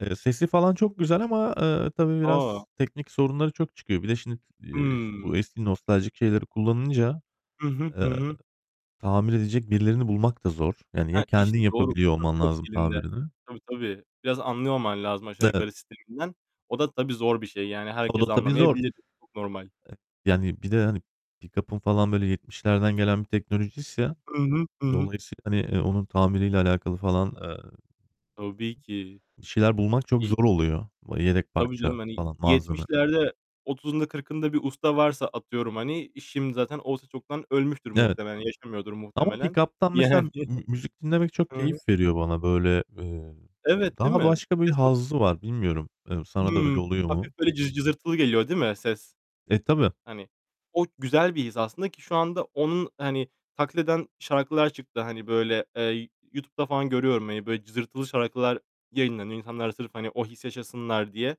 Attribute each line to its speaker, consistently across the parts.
Speaker 1: Eee, sesi falan çok güzel ama eee, tabii
Speaker 2: A!
Speaker 1: biraz teknik sorunları çok çıkıyor. Bir de şimdi, eee, bu
Speaker 2: Hı.
Speaker 1: eski nostaljik şeyleri kullanınca,
Speaker 2: I hı, hı
Speaker 1: eee,
Speaker 2: hı.
Speaker 1: tamir edecek birilerini bulmak da zor. Yani ya
Speaker 2: Heh,
Speaker 1: kendin
Speaker 2: işte doğru.
Speaker 1: yapabiliyor
Speaker 2: Ustası
Speaker 1: olman
Speaker 2: yok
Speaker 1: lazım
Speaker 2: elinde.
Speaker 1: tamirini.
Speaker 2: Tabii, tabii. Biraz anlıyor olman lazım aşağı
Speaker 1: Evet.
Speaker 2: yukarı sisteminden. O da tabii zor bir şey. Yani
Speaker 1: O
Speaker 2: herkes
Speaker 1: da tabii zor.
Speaker 2: anlamayabilir. Çok normal.
Speaker 1: Eee, yani bir de, hani, pikapın falan böyle 70'lerden gelen bir teknolojiyse
Speaker 2: I hı, ı hı.
Speaker 1: dolayısıyla, hani, eee, onun tamiriyle alakalı falan, eee,
Speaker 2: Tabii ki.
Speaker 1: bir şeyler bulmak çok
Speaker 2: i
Speaker 1: zor oluyor. Yedek
Speaker 2: Tabii canım,
Speaker 1: parça
Speaker 2: hani
Speaker 1: falan, malzeme.
Speaker 2: 70'lerde 30'unda 40'ında bir usta varsa atıyorum, hani, şimdi zaten o usta çoktan ölmüştür
Speaker 1: Evet.
Speaker 2: muhtemelen. Yaşamıyordur
Speaker 1: Ama
Speaker 2: muhtemelen
Speaker 1: pikaptan mesela
Speaker 2: yani. I
Speaker 1: mü müzik dinlemek çok
Speaker 2: hı.
Speaker 1: keyif veriyor bana. Böyle, eee,
Speaker 2: Evet, değil
Speaker 1: daha
Speaker 2: mi?
Speaker 1: başka bir
Speaker 2: Ses o
Speaker 1: hazzı var. Bilmiyorum, eee, sana da öyle
Speaker 2: Hı.
Speaker 1: oluyor
Speaker 2: Hafif
Speaker 1: mu?
Speaker 2: böyle cı cızırtılı geliyor değil mi ses?
Speaker 1: E, tabii.
Speaker 2: Hani, o güzel bir his aslında ki şu anda onu, hani, taklit eden şarkılar çıktı. Hani, böyle, eee, YouTube'da falan görüyorum. Hani, böyle cızırtılı şarkılar yayınlanıyor. İnsanlar sırf, hani, o hissi yaşasınlar diye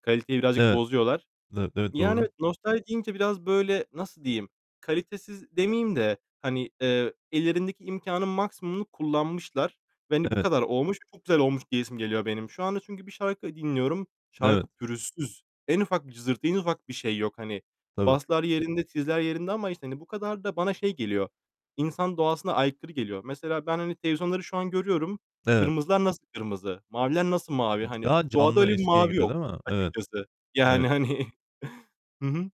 Speaker 2: kaliteyi birazcık
Speaker 1: Evet.
Speaker 2: bozuyorlar.
Speaker 1: Evet, evet,
Speaker 2: Yani
Speaker 1: doğru.
Speaker 2: nostalji deyince biraz, böyle, nasıl diyeyim, kalitesiz demeyeyim de, hani, eee, ellerindeki imkânın maksimumunu kullanmışlar ve, hani bu
Speaker 1: Evet.
Speaker 2: kadar olmuş. Çok güzel olmuş diyesim geliyor benim. Şu anda çünkü bir şarkı dinliyorum.
Speaker 1: Evet.
Speaker 2: Şarkı pürüzsüz. En ufak bir cızırtı, en ufak bir şey yok. Hani,
Speaker 1: Tabii.
Speaker 2: baslar yerinde, tizler yerinde ama işte, hani, bu kadar da bana şey geliyor, insan doğasına aykırı geliyor. Mesela ben, hani televizyonları şu an görüyorum.
Speaker 1: Evet.
Speaker 2: Kırmızılar nasıl kırmızı, maviler nasıl mavi? Hani
Speaker 1: Daha
Speaker 2: doğada
Speaker 1: canlı
Speaker 2: öyle bir
Speaker 1: eskiye
Speaker 2: mavi
Speaker 1: göre
Speaker 2: yok
Speaker 1: değil mi? Evet.
Speaker 2: açıkçası. Yani,
Speaker 1: Evet.
Speaker 2: hani. Hı hı.